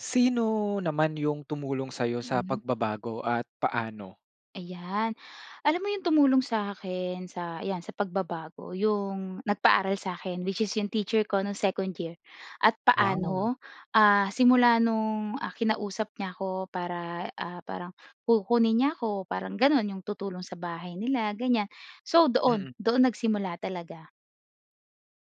Sino naman 'yung tumulong sa'yo sa Mm. pagbabago at paano? Ayan. Alam mo yun tumulong sa akin sa 'yan, sa pagbabago, 'yong nagpaaral sa'kin which is 'yong teacher ko no'ng second year. At Wow! paano? Ah, simula no'ng, ah, kinausap niya 'ko para, ah, parang kukunin niya 'ko, parang gano'n. 'Yong tutulong sa bahay nila, ganyan. So, doon. Mm. Doon nagsimula talaga.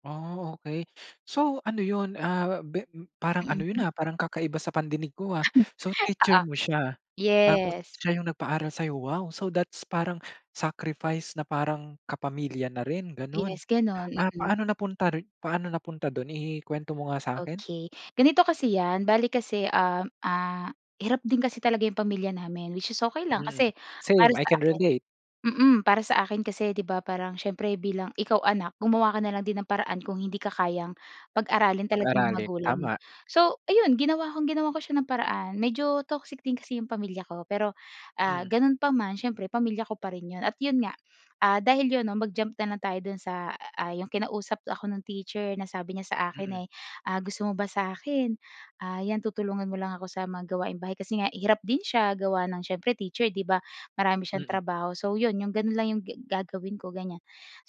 Oh, okey. So, ano 'yon, ah, be parang ano 'yon, Mm. ah, parang kakaiba sa pandinig ko, ah. So, Oo. teacher mo siya. Tapos Yes. siya 'yong nagpaaral sa'yo. Wow! So, that's parang sacrifice na parang kapamilya na rin, gano'n. Yes, gano'n. Ah, Mm. paano napunta ri paano napunta do'n? I i-kwento mo nga sa'kin. Okey. Ganito kasi 'yan. Bale kasi, um, ah, hirap din kasi talaga 'yong pamilya namin. Which is okey lang Mm, kasi para same. I sa can akin relate. mm. Para sa akin kasi 'di ba parang siyempre bilang ikaw anak, gumawa ka na lang din ng paraan kung hindi ka kayang pag-aralin talaga ng Pag-aralin. magulang mo. Tama. So, ayun. Ginawa kong ginawan ko siya ng paraan. Medyo toxic din kasi 'yung pamilya ko, pero, ah, Mm. gano'n pa man, siyempre pamilya ko pa rin 'yun at 'yun nga. Ah, dahil 'yun 'no, mag-jump na lang tayo do'n sa, ah, 'yung kinausap ako 'nung teacher na sabi niya sa akin, Mm. eh, ah, "Gusto mo ba sa 'kin? Ah, 'yan, tutulungan mo lang ako sa mga gawaing bahay." Kasi nga hirap din siya gawa ng siyempre teacher, 'di ba? Marami siyang Mm. trabaho. So, 'yon. 'Yong gano'n lang 'yong ge gagawin ko, ganyan.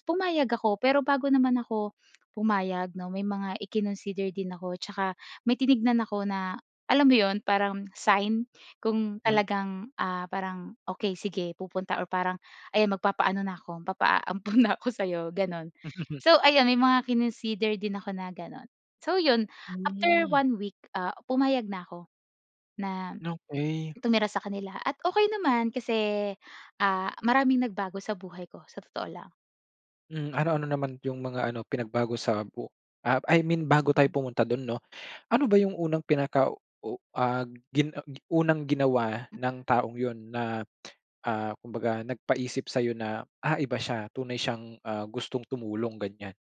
Pumayag ako, pero bago naman ako pumayag 'no, may mga ikinonsider din ako tsaka may tinignan ako na alam mo 'yon, parang sign kung Mm. talagang, ah, parang okey sige, pupunta or parang ayan, magpapaano na ko, magpapaampon na ako sa 'yo, gano'n. So ayun, may mga kinonsider din ako na gano'n. So 'yun, after Hmm. 1 week, ah, pumayag na ako na Okey. tumira sa kanila. At okey naman kasi, ah, maraming nagbago sa buhay ko, sa totoo lang. Hmm, ano-ano naman 'yung mga ano, pinagbago sa bu ah, I mean bago tayo Mm. pumunta do'n 'no. Ano ba 'yung unang pinaka u ah, gin ah, unang ginawa M ng taong 'yun na, ah, kumbaga nagpaisip sa'yo na, "Ah, iba siya. Tunay siyang, ah, gustong tumulong," ganyan.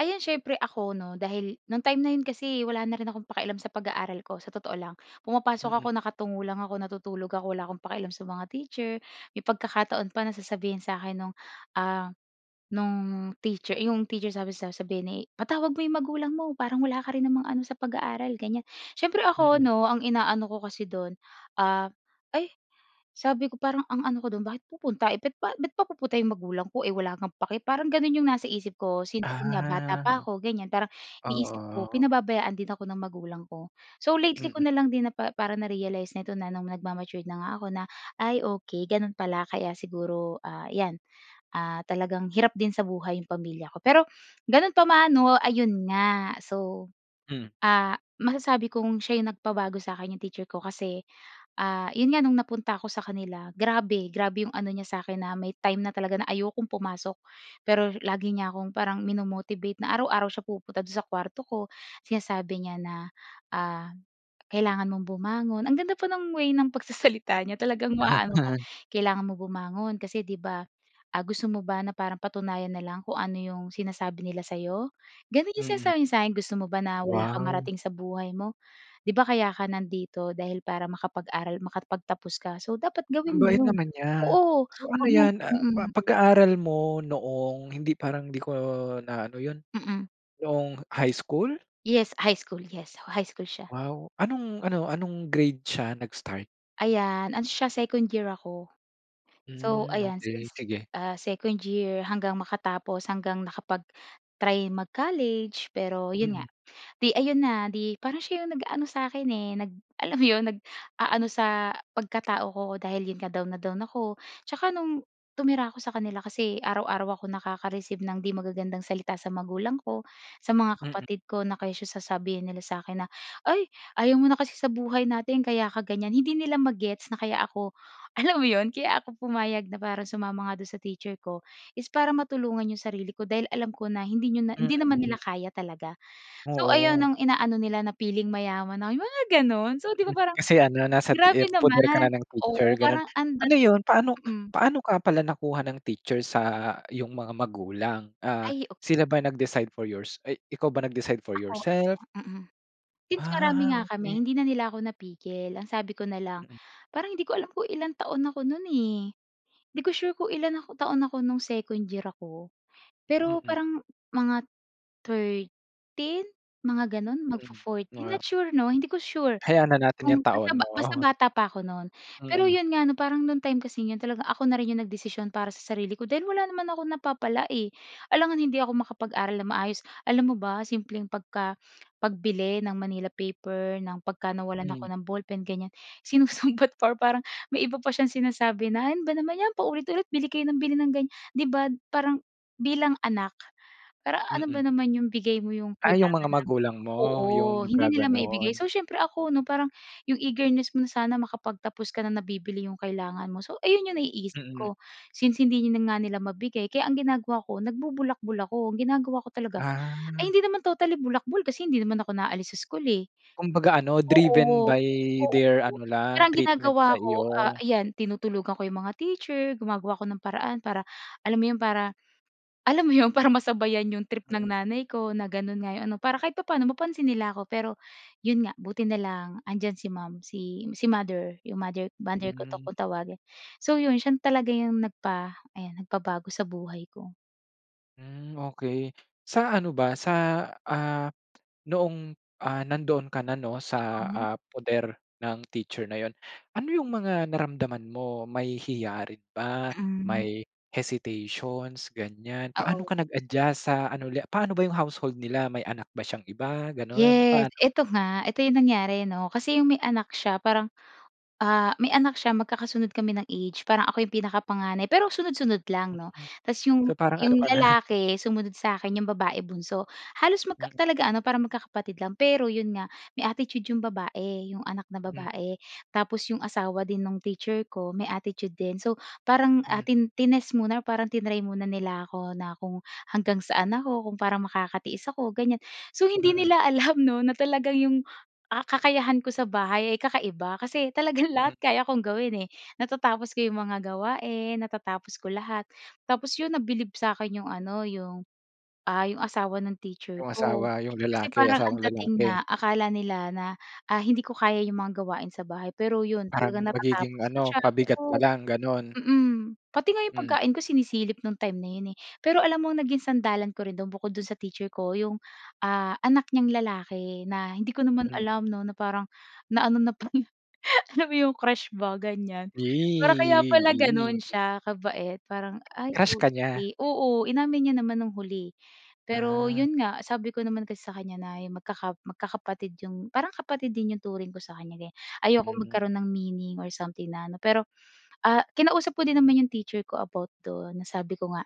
Ayun siyempre ako 'no, dahil no'ng time na 'yon kasi wala na rin akong pakialam sa pag-aaral ko sa totoo lang. Pumapasok Mm. ako nakatungo lang ako, natutulog ako, wala akong pakialam sa mga teacher. May pagkakataon pa na sasabihin sa'kin no'ng, ah, no'ng teacher 'yong teacher sabi sasabihin, eh, "Patawag mo 'yong magulang mo. Parang wala ka rin namang ano sa pag-aaral," ganyan. Siyempre ako Mm. ’no, ang inaano ko kasi do'n, ah, ay sabi ko parang ang ano ko do'n, "Bakit pupunta, eh, ba't ba't pa pupunta 'yong magulang ko, eh, wala ngang pake." Parang gano'n 'yong nasa isip ko since 'yun nga bata Ah. pa ako ganyan. Parang iniisip ko Oo. pinababayaan din ako ng magulang ko. So, lately ko Mm. na lang din napa parang na-realize na ito na nung nagma-matured na nga ako na, "Ay, okey. Gano'n pala kaya siguro, ah, 'yan. Ah, talagang hirap din sa buhay 'yung pamilya ko." Pero ganun pa man 'no, ayun nga so, Hmm. ah, masasabi kong siya 'yung nagpabago sa'kin, yung teacher ko kasi, ah, 'yon nga no'ng napunta ako sa kanila, grabe! Grabe 'yong ano niya sa akin na may time na talaga na ayokong pumasok, pero lagi niya akong parang mino-motivate na araw-araw siya pumupunta do'n sa kuwarto ko. Sinasabi niya na, ah, "Kailangan mong bumangon." Ang ganda pa ng way ng pagsasalita niya talagang maaano ka. "Kailangan mo bumangon kasi 'di ba, ah, gusto mo ba na parang patunayan na lang kung ano 'yong sinasabi nila sa'yo?" Gano'n 'yong Mm. sinasabi niya sa'kin. "Gusto mo ba na wala kang Wow. marating sa buhay mo? Di ba kaya ka nandito dahil para makapag-aral, makapagtapos ka. So, dapat Ang gawin mo bait yun." naman niya. Oo. So, ano 'yan, ah, Mm. pag-aaral mo noong hindi, parang hindi ko na ano 'yun, Mm. noong high school? Yes, high school. Yes, high school siya. Wow. Anong ano, anong grade siya nag-start? Ayan. Ano siya second year ako. So Mm. ayan, Okey, since, sige. ah, second year hanggang makatapos hanggang nakapag-try mag-college, pero 'yon nga. Mm. Di ayon na, 'di parang siya 'yong nag-ano sa'kin eh, nag alam mo 'yon, nag-aano sa pagkatao ko dahil 'yon nga down na down ako. Tsaka no'ng tumira ako sa kanila kasi araw-araw akong nakaka-receive ng 'di magagandang salita sa magulang ko, sa mga Mm. kapatid ko na kesyo sasabihin nila sa akin na "Ay ayaw mo na kasi sa buhay na'tin kaya ka ganyan," hindi nila ma-gets na kaya ako, alam mo 'yon, kaya ako pumayag na parang sumama nga do'n sa teacher ko, is para matulungan 'yong sarili ko dahil alam ko na hindi niyo na hindi naman nila Mm. kaya talaga. So ayon Oo. 'yong inaano nila na feeling mayaman ako, mga gano'n. So 'di Mm. ba parang, Kasi ano nasa grabe eh, poder ka na naman. ng teacher Oo, gano'n. parang ang Ano dating. 'yon paano Mm. paano ka pala nakuha ng teacher sa iyong mga magulang? Ah, Ay, okey. sila ba nag-decide for yours, ay ikaw ba nag-decide for Ako, ako. yourself? Mm. Since marami Ah, nga kami, okey. hindi na nila ako napigil. Ang sabi ko na lang Mm. parang hindi ko alam kung ilang taon ako no'n eh. 'Di ko sure kung ilan ako taon ako no'ng second year ako, pero Mm. parang mga 13 mga gano'n, Mm. magfo-14 Wow. not sure 'no, hindi ko sure, Hayaan na natin kung 'yong basta taon, basta oo. bata pa ako no'n. Pero Mm. 'yon nga 'no, parang no time kasi 'yon talaga ako na rin 'yong nagdesisyon para sa sarili ko dahil wala naman akong napapala, eh. Alangan hindi ako makapag-aral na maayos. Alam mo ba simpleng pagka pagbili ng manila paper, ng pagka nawalan ako Mm. ng ballpen ganyan, sinusumbat pa parang may iba pa siyang sinasabi na, "Ano ba naman 'yan paulit-ulit. Bili kayo ng bili ng ganyan," 'di ba? Parang bilang anak para ano ba Mm. naman 'yong bigay mo 'yong Ah, yung kailangan mga magulang ng. mo Oo, 'yong hindi nila maibigay. naggagano'n. So siyempre ako ano, parang yung eagerness mo na sana makapagtapos ka, na nabibili yung kailangan mo, so ayon 'yong naiisip Mm. ko. Since hindi nga nila mabigay kaya ang ginagawa ko nagbubulakbol ako. Ang ginagawa ko talaga ay Ah. hindi naman totally bulakbol kasi hindi naman ako naalis sa school, eh. Kumbaga ano, driven Oo, by their oo. ano Pero lang ang treatment ginagawa sa ko, ah, iyo. ayan tinutulugan ko 'yong mga teacher, gumagawa ako ng paraan para alam mo 'yon, para, alam mo 'yon, para masabayan 'yong trip ng Hmm. nanay ko na gano'n nga 'yong ano. Para kahit papaano mapansin nila ako. Pero 'yon nga, buti na lang, 'andiyan si ma'am, si si mother 'yong mother, mother ko 'to Hmm. kung tawagin. So 'yon siya talaga 'yong nagpa, ayan, nagpabago sa buhay ko. Hmm, okey. Sa ano ba sa, ah, noong, ah, nandoon ka na 'no, sa, Oo. ah, poder ng teacher na 'yon. Ano 'yong mga naramdaman mo? May hiya rin ba? Mm. May hesitations, ganiyan. Paano Oo. ka nag-adjust sa ano ulit, paano ba 'yong household nila? May anak ba siyang iba, gano'n? Yes, Paano? eto nga. Eto 'yong nangyari 'no? Kasi 'yong may anak siya parang, ah, may anak siya magkakasunod kami ng age. Parang ako 'yong pinakapanganay pero sunod-sunod lang 'no? Mm, Tapos 'yong so parang ano 'yong ka na. lalaki sumunod sa akin, 'yong babae bunso. Halos magka Mm. talaga ano para magkakapatid lang, pero 'yon nga, may attitude 'yong babae, 'yong anak na M babae. Tapos 'yong asawa din nung teacher ko may attitude din. So parang, ah, M tin tinest muna or parang tinry muna nila ako na kung hanggang saan ako, kung parang makakatiis ako ganiyan. So hindi Mm. nila alam 'no na talagang 'yong, ah, kakayahan ko sa bahay ay kakaiba kasi talagang M lahat kaya kong gawin, eh. Natatapos ko 'yong mga gawain, natatapos ko lahat. Tapos 'yon nabilib sa'kin 'yong ano, 'yong, ah, 'yong asawa ng teacher 'Yong ko. asawa? 'Yong Kasi lalaki, parang ang asawang dating lalaki? nga akala nila na, ah, hindi ko kaya 'yong mga gawain sa bahay pero 'yon Parang talagang magiging natatapos ko ano, siya, pabigat ka oo. lang gano'n. Mm. Pati nga 'yong Hmm. pagkain ko sinisilip nung time na 'yon, eh. Pero alam mo ang naging sandalan ko rin do'n bukod do'n sa teacher ko 'yong, ah, anak niyang lalaki na hindi ko naman Hmm. alam 'no na parang na ano na pala. Alam mo 'yong crush ba, ganyan. Yie, Para kaya pala gano'n yie. siya kabait parang, "ay Crush ka niya. okey." Oo. Inamin niya naman nung huli, eh. Pero Ah. 'yon nga sabi ko naman kasi sa kanya na yung magkaka magkakapatid 'yong parang kapatid din 'yong turing ko sa kanya ganiyan. Ayokong Hmm. magkaroon ng meaning or something na ano, pero, ah, kinausap ko din naman yung teacher ko about do'n na sabi ko nga.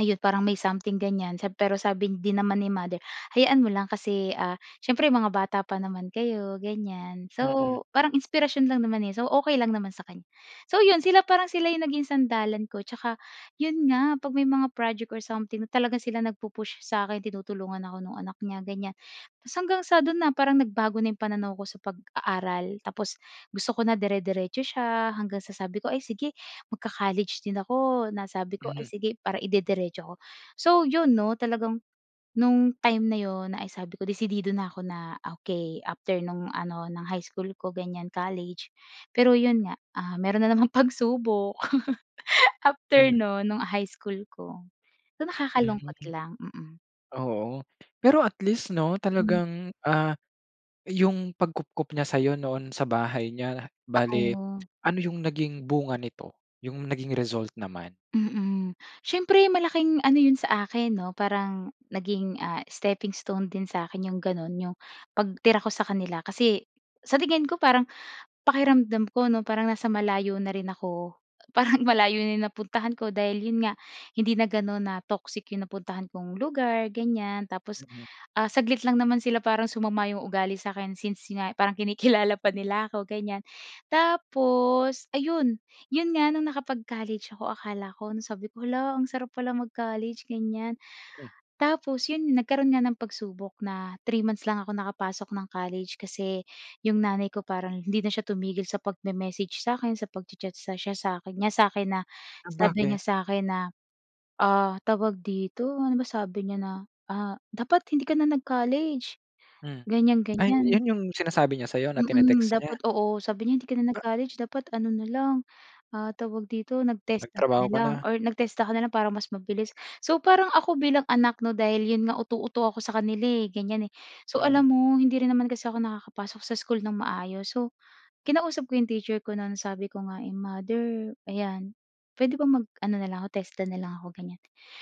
Ayun parang may something ganiyan sab pero sabi din naman ni mother "Hayaan mo lang kasi, ah, siyempre mga bata pa naman kayo," ganiyan. Mm. So parang inspirasyon lang naman, eh. So okey lang naman sa kanya. So 'yon sila parang sila yung naging sandalan ko 'tsaka 'yun nga 'pag may mga project or something talagang sila nagpu-push sa akin tinutulungan ako nung anak niya, ganiyan. Tapos hanggang sa do'n na parang nagbago na 'yong pananaw ko sa pag-aaral. Tapos gusto ko na dire-diretso siya hanggang sa sabi ko, "Ay sige, magka-college din ako," na sabi ko, "Ay Hmm. sige, para ide-diretso ko." So 'yon 'no, talagang, no'ng time na 'yon ay sabi ko, "Desidido na ako," na okey after no'ng ano ng high school ko ganiyan college, pero 'yon nga, ah, mayro'n na namang pagsubok. After Hmm. no'n nung high school ko. So, nakakalungkot Mm. lang. Mm. Oo. Pero at least 'no, Hmm. talagang, ah, yung pagkupkop niya sa'yo noon sa bahay niya bale Oo. ano yung naging bunga nito? 'Yung naging result naman. Mm. Siyempre malaking ano 'yon sa akin 'no? Parang naging, ah, steppingstone din sa'kin 'yong gano'n 'yong pagtira ko sa kanila kasi sa tingin ko parang pakiramdam ko 'no parang nasa malayo na rin ako. Parang malayo na 'yong napuntahan ko dahil 'yon nga hindi na gano'n na toxic 'yong napuntahan kong lugar, ganyan. Tapos, Mm. ah, saglit lang naman sila parang sumama 'yong ugali sa'kin since nga parang kinikilala pa nila ako, gan'yan. Tapos, ayun. 'Yon nga no'ng nakapag-college ako akala ko na sabi ko "Hala, ang sarap pala mag-college," ganiyan. Mhm. Tapos 'yon nagkaroon nga ng pagsubok na 3 months lang ako nakapasok ng college kasi 'yong nanay ko parang hindi na siya tumigil sa pagme-message sa'kin, sa pagcha-chat siya sa'kin niya sa'kin na Ah, sabi bakit? niya sa 'kin na, ah, tawag dito, ano ba sabi niya na, ah, "Dapat hindi ka na nag-college." Hmm. Ganyan, Ay, ganyan. 'yon 'yong sinasabi niya sa 'yo na Mm. tini-text niya? Dapat, oo. Sabi niya, "hindi ka na Ba nag-college dapat ano na lang," ah, tawag dito, "nag-TESDA ka na Nagtrabaho ka lang na? or nag-TESDA ka na lang para mas mabilis." So parang ako bilang anak 'no? Dahil 'yon nga uto-uto ako sa kanila, eh, gan'yan, eh. So Mm. alam mo hindi rin naman kasi ako nakakapasok sa school ng maayos so, kinausap ko 'yong teacher ko no'n sabi ko nga eh "Mother, ayan puwede bang mag-ano na lang ako TESDA na lang ako?" ganyan.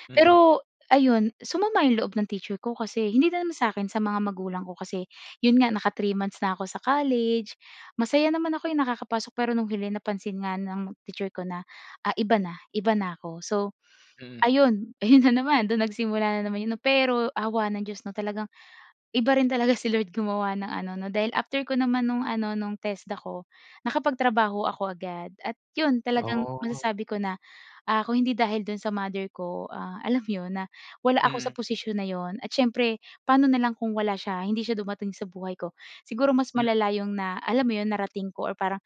Mm. Pero ayun sumama 'yong loob ng teacher ko kasi hindi na naman sa Hmm. akin, sa mga magulang ko kasi 'yon nga naka-3 months na ako sa college, masaya naman ako, eh, nakakapasok, pero no'ng huli napansin nga ng teacher ko na, ah, iba na. Iba na 'ko so, Mm. ayun. Ayun na naman do'n nagsimula na naman 'yon 'no. Pero awa ng Diyos 'no talagang iba rin talaga si Lord gumawa ng ano 'no dahil after ko naman no'ng ano no'ng TESDA ko, nakapagtrabaho ako agad. At 'yon talagang Oo. masasabi ko na, ah, kung hindi dahil do'n sa mother ko, ah, alam mo 'yon? Na wala ako sa Mm. posisyon na 'yon at siyempre paano nalang kung wala siya hindi siya dumating sa buhay ko. Siguro mas Mm. malala yung na alam mo 'yon? Narating ko or parang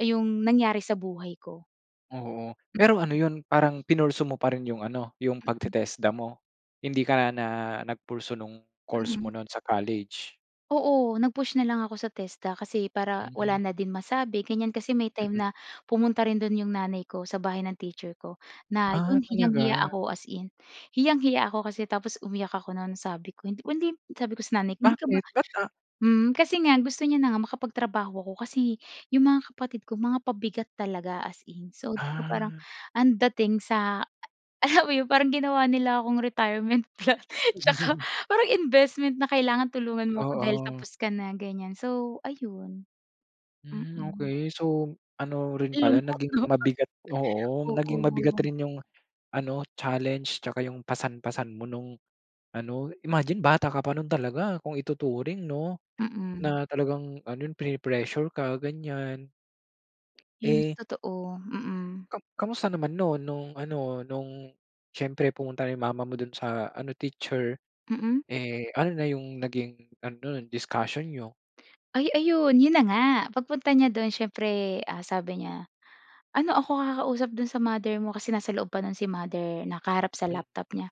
yung nangyari sa buhay ko. Oo, pero ano 'yun, parang pinursue mo pa rin 'yung ano, yung Mm. pagte-TESDA mo? Hindi ka na, nagpursue nung course mo Mhm. no'n sa college? Oo, nag-push na lang ako sa TESDA kasi para wala Mhm. na din masabi, ganyan. Kasi may time Mm. na pumunta rin do'n 'yong nanay ko sa bahay ng teacher ko. Na, Ah, 'yon, hiyang-hiya talaga? ako, as in hiyang-hiya ako. Kasi, tapos umiyak ako non, sabi ko hindi sabi ko sa nanay ko, hindi ka ba Bakit? Ba't, a hmm. Kasi nga gusto niya na nga makapagtrabaho ako, kasi 'yong mga kapatid ko mga pabigat talaga, as in. So, di ba parang, Ah. ang dating sa alam mo 'yon, parang ginawa nila akong retirement plan, tsaka parang investment na, "Kailangan tulungan mo ako dahil Oo. tapos ka na," ganyan. So ayun. Hmm, Mm. okey. So, ano rin Ang pala lungkot naging 'no? mabigat oo, Oo. naging mabigat rin 'yong ano, challenge tsaka 'yong pasan-pasan mo nung ano. Imagine bata ka pa no'n talaga kung ituturing 'no, Mm. na talagang ano pine-pressure ka ganyan. 'Yung Eh totoo, mm. Kam kamusta naman no'n, no'ng ano, no'ng, siyempre pumunta 'yung mama mo do'n sa ano, teacher. Mm? Eh, ano na 'yung naging ano non, discussion n'yo? Ay, ayun. 'Yon na nga, pagpunta niya do'n, siyempre, ah, sabi niya, "Ano ako kakausap do'n sa mother mo?" Kasi nasa loob pa no'n si mother nakaharap sa M laptop niya.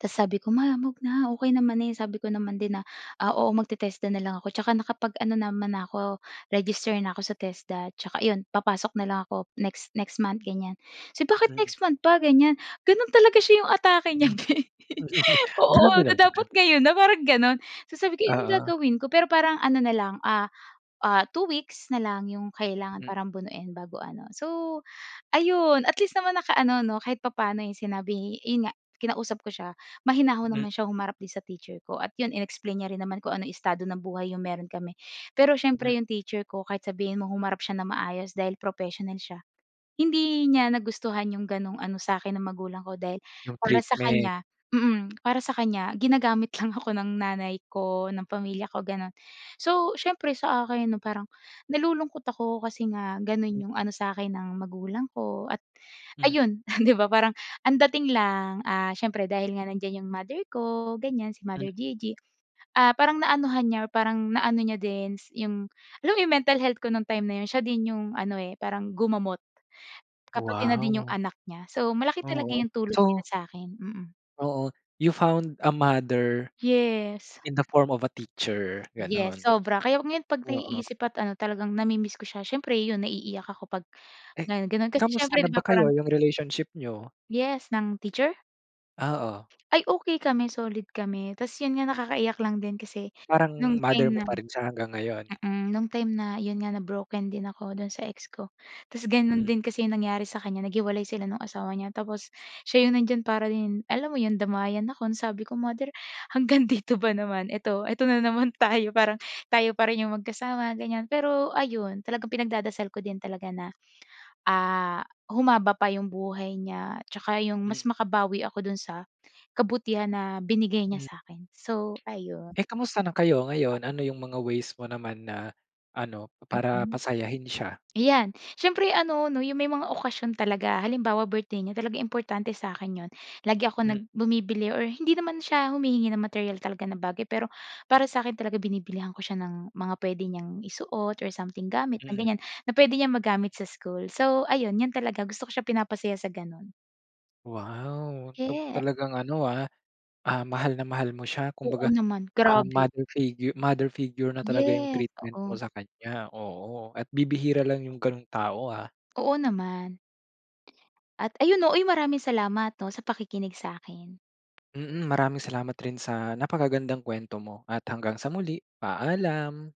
Tapos, sabi ko, "Ma, 'wag na okay naman eh." Sabi ko naman din na, ah, "Oo, mag-te-TESDA na lang ako. Tsaka nakapag ano naman na ako, register na ako sa TESDA. Tsaka ayun, papasok na lang ako next next month." Ganyan. "So bakit Mm. next month pa?" Ganyan, ganun talaga siya, 'yung atake niya bhe. Oo, Grabe na naman. dapat ngayon na parang ganun. So sabi ko, "Ano Oo. gagawin ko" pero parang ano na lang, ah, ah, 2 weeks na lang 'yung kailangan M parang bunuin bago ano. So ayun, at least naman, nakaano 'no, kahit papaano 'yong sinabi 'yun nga, kinausap ko siya. Mahinahon M naman siya, humarap din sa teacher ko, at 'yon, in-explain niya rin naman kung anong estado ng buhay 'yong meron kami. Pero M siyempre, 'yong teacher ko, kahit sabihin mong humarap siya ng maayos dahil professional siya. Hindi niya nagustuhan 'yong gano'ng ano sa akin ng magulang ko, dahil 'Yung para sa treatment. kanya mm, para sa kanya, ginagamit lang ako ng nanay ko, ng pamilya ko gano'n. So, siyempre, sa akin 'no, parang nalulungkot ako kasi nga gano'n Mm. 'yong ano sa akin ng magulang ko. At M ayun, di ba, parang ang dating lang, ah, siyempre dahil nga nandiyan 'yong mother ko, ganyan. Si Mm. Mother Gigi, ah, parang naanuhan niya, parang naano niya din 'yong, alam mo 'yong mental health ko nung time na 'yon. Siya din 'yong ano eh, parang gumamot, ka pati na din 'yong Wow. anak niya. So, malaki talaga Oo. 'yong tulong nila So, sa akin, mm. oo. You found a mother Yes. in the form of a teacher, Yes, ganon, sobra. Kaya ngayon pag oo. naiisip at ano talagang nami-miss ko siya. Siyempre yun, naiiyak ako pag Eh, ano, ganun. Kasi kamusta siyempre na 'di ba ba kayo? parang Yung relationship niyo? Yes, ng teacher? Ah, oh. Ay, okey kami. Solid kami. Tapos 'yun nga nakakaiyak lang din kasi Parang no'ng mother time mo na pa rin siya hanggang ngayon? mm, no'ng time na 'yon nga na-broken din ako do'n sa ex ko, tapos gano'n Hmm. din kasi 'yong nangyari sa kanya naghiwalay sila no'ng asawa niya tapos, siya 'yong nandiyan para din alam mo 'yong damayan ako. Ansabi ko, "Mother hanggang dito ba naman eto, eto na naman tayo. Parang tayo pa rin 'yong magkasama," ganyan. Pero ayun talagang pinagdadasal ko din talaga na, ah, humaba pa 'yong buhay niya, 'tsaka 'yong mas Hmm. makabawi ako do'n sa kabutihan na binigay niya Hmm. sa 'kin. So, ayun. Eh, kamusta na kayo ngayon? Ano yung mga ways mo naman na ano, para Mm. pasayahin siya? Iyan siyempre ano 'no yung may mga okasyon talaga. Halimbawa, birthday niya, talagang importante sa akin 'yon. Lagi ako nag Mm. bumibili or hindi naman siya humihingi ng materyal talaga na bagay, pero para sa akin talaga binibilihan ko siya ng mga puwede niyang isuot or something gamit na Mm. ganyan, na puwede niyang magamit sa school. So, ayun, 'yan talaga gusto ko siya pinapasaya sa gano'n. Wow, 'tong Ye talagang ano, ah, ah, mahal na mahal mo siya Oo kumbaga, naman. ah, Grabe. mother figure mother figure na talaga 'yong Yes. treatment mo Oo. sa kanya, oo, at bibihira lang 'yong ganung tao, ah. Oo naman. At ayun 'no, uy, maraming salamat 'no sa pakikinig sa'kin. Mm. Maraming salamat rin sa napakagandang kuwento mo. At hanggang sa muli, paalam.